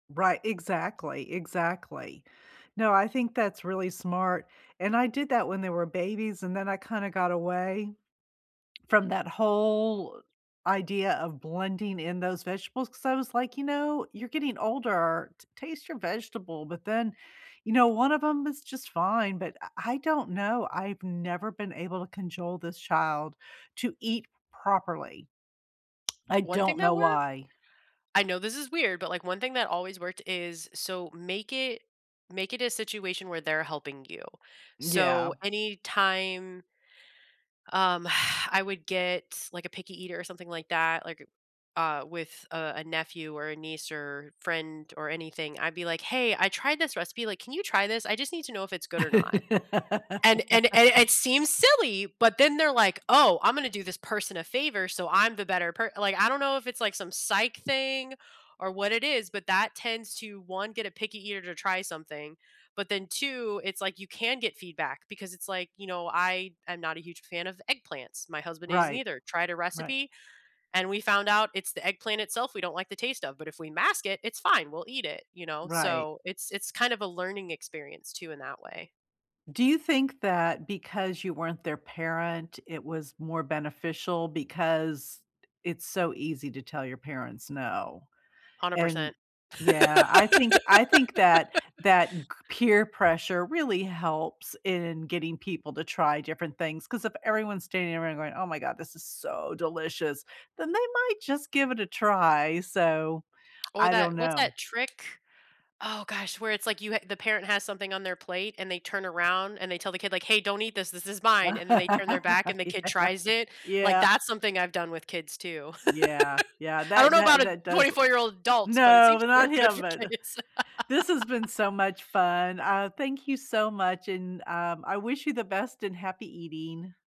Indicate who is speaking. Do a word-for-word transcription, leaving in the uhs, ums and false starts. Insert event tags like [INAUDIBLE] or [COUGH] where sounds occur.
Speaker 1: Right, exactly, exactly. No, I think that's really smart and I did that when they were babies and then I kinda got away [SWALLOWS] from that whole idea of blending in those vegetables, 'cause I was like, "You know you're getting older, t taste your vegetable but then, you know, one of 'em is just fine," but I I don't know, I've never been able to conjole this child to eat properly. I
Speaker 2: One thing
Speaker 1: don't
Speaker 2: that
Speaker 1: know
Speaker 2: worked
Speaker 1: why.
Speaker 2: I know this is weird, but, like, one thing that always worked is so make it make it a situation where they're helping you.
Speaker 1: Yeah.
Speaker 2: So anytime um, [EXHALES] I would get, like, a picky eater or something like that, like, uh with, uh, a nephew or a niece, or friend, or anything, I'd be like, "Hey, I tried this recipe, like, can you try this? I just need to know if it's good or not." And and a and
Speaker 1: [LAUGHS]
Speaker 2: it seems silly, but then they're like, "Oh, I'm gonna do this person a favor so I'm the better per" like, I don't know if it's like some psych thing or what it is, but that tends to, one, get a picky eater to try something, but then two, it's like you can get feedback because it's like, you know, I am not a huge fan of eggplants, my husband isn't
Speaker 1: Right,
Speaker 2: either, tried a
Speaker 1: right.
Speaker 2: recipe, and we found out it's the eggplant itself we don't like the taste of, but if we mask it, it's fine, we'll eat it, you know?
Speaker 1: Right
Speaker 2: So, it's it's kinda a learning experience too in that way.
Speaker 1: Do you think that because you weren't their parent, it was more beneficial because it's so easy to tell your parents no,
Speaker 2: hundred
Speaker 1: and
Speaker 2: percent.
Speaker 1: Yeah, I think I think that
Speaker 2: [LAUGHS]
Speaker 1: that g peer pressure really helps in getting people to try different things, 'cause if everyone's standing around going, "Oh my God, this is so delicious," then they might just give it a try, so,
Speaker 2: Or
Speaker 1: I don't
Speaker 2: that what's
Speaker 1: know.
Speaker 2: that trick? Oh gosh, where it's like you ha the parent has something on their plate, and they turn around, and they tell the kid, like, "Hey, don't eat this, this is mine," and then they turn their back, and the kid tries
Speaker 1: [LAUGHS]
Speaker 2: it like,
Speaker 1: Yeah, yeah.
Speaker 2: that's something I've done with kids too.
Speaker 1: Yeah, yeah,
Speaker 2: [LAUGHS] I don't
Speaker 1: that
Speaker 2: know
Speaker 1: that
Speaker 2: about a
Speaker 1: that does
Speaker 2: twenty-four-year-old adults, but it
Speaker 1: No,
Speaker 2: seems to
Speaker 1: not
Speaker 2: work good
Speaker 1: him
Speaker 2: for
Speaker 1: but
Speaker 2: kids.
Speaker 1: This has been
Speaker 2: [LAUGHS]
Speaker 1: so much fun, aw, thank you so much, and, um, I wish you the best and happy eating.